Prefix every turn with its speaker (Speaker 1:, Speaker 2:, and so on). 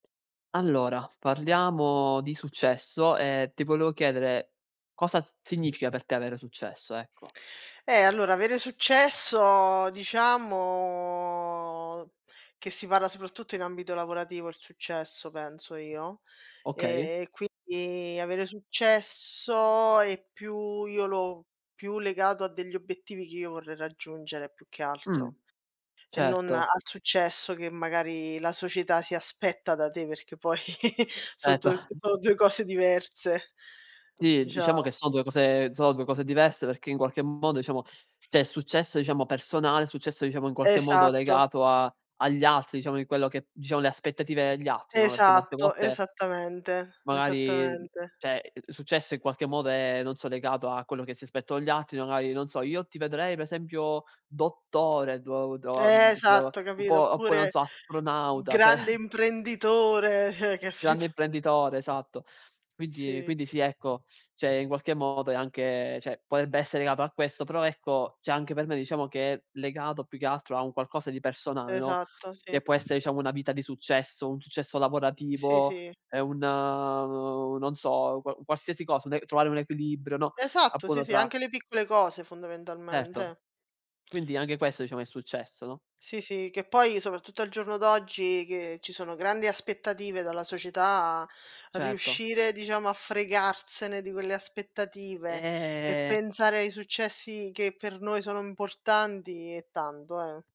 Speaker 1: Allora, parliamo di successo e ti volevo chiedere, cosa significa per te avere successo, ecco.
Speaker 2: Eh, allora, avere successo diciamo, che si parla soprattutto in ambito lavorativo il successo penso io,
Speaker 1: Okay.
Speaker 2: e quindi avere successo è più io l'ho più legato a degli obiettivi che io vorrei raggiungere più che
Speaker 1: Mh,
Speaker 2: altro e non
Speaker 1: certo.
Speaker 2: al successo che magari la società si aspetta da te perché poi so' du
Speaker 1: Erto.
Speaker 2: sono 2 cose diverse,
Speaker 1: Sì, diciamo che
Speaker 2: diciamo.
Speaker 1: sono 2 cose sono 2 cose diverse perché in qualche modo, diciamo, c'è il successo diciamo personale, successo, diciamo, in qualche modo
Speaker 2: Esatto.
Speaker 1: legato a agli altri diciamo di quello che diciamo le aspettative degli altri, no, perché molte
Speaker 2: Esatto,
Speaker 1: volte
Speaker 2: esattamente,
Speaker 1: magari,
Speaker 2: esattamente.
Speaker 1: cioè il successo in qualche modo è, non so, legato a quello che si aspettano gli altri, magari, non so: "Io ti vedrei per esempio dottore" do doa
Speaker 2: Eh
Speaker 1: [unintelligible]
Speaker 2: esatto,
Speaker 1: un
Speaker 2: capito?
Speaker 1: po' oppure, non
Speaker 2: Oppure
Speaker 1: so, astronauta, cioè
Speaker 2: grande imprenditore, eh,
Speaker 1: Grande
Speaker 2: capito?
Speaker 1: imprenditore, esatto. Quinti
Speaker 2: Sì.
Speaker 1: quindi sì, ecco, cioè in qualche modo è anche, cioè potrebbe essere legato a questo, però ecco, cioè anche per me diciamo che è legato più che altro a un qualcosa di personale, no,
Speaker 2: Esatto,
Speaker 1: che
Speaker 2: sì.
Speaker 1: può esse diciamo una vita di successo, un successo
Speaker 2: Sì,
Speaker 1: lavorativo,
Speaker 2: sì.
Speaker 1: ehm, un, non so, qua qualsiasi cosa, un e trovare un equilibrio, no,
Speaker 2: Esatto,
Speaker 1: appunto
Speaker 2: sì, sì,
Speaker 1: tra
Speaker 2: anche le piccole cose
Speaker 1: Certo.
Speaker 2: fondamentalmente.
Speaker 1: Quindi anche questo diciamo è successo, no?
Speaker 2: Sì, sì, che poi soprattutto al giorno d'oggi, che ci sono grandi aspettative dalla società,
Speaker 1: Certo.
Speaker 2: riuscire diciamo a fregarsene di quelle aspettative e
Speaker 1: Eh.
Speaker 2: pensare ai successi che per noi sono importanti, è tanto eh.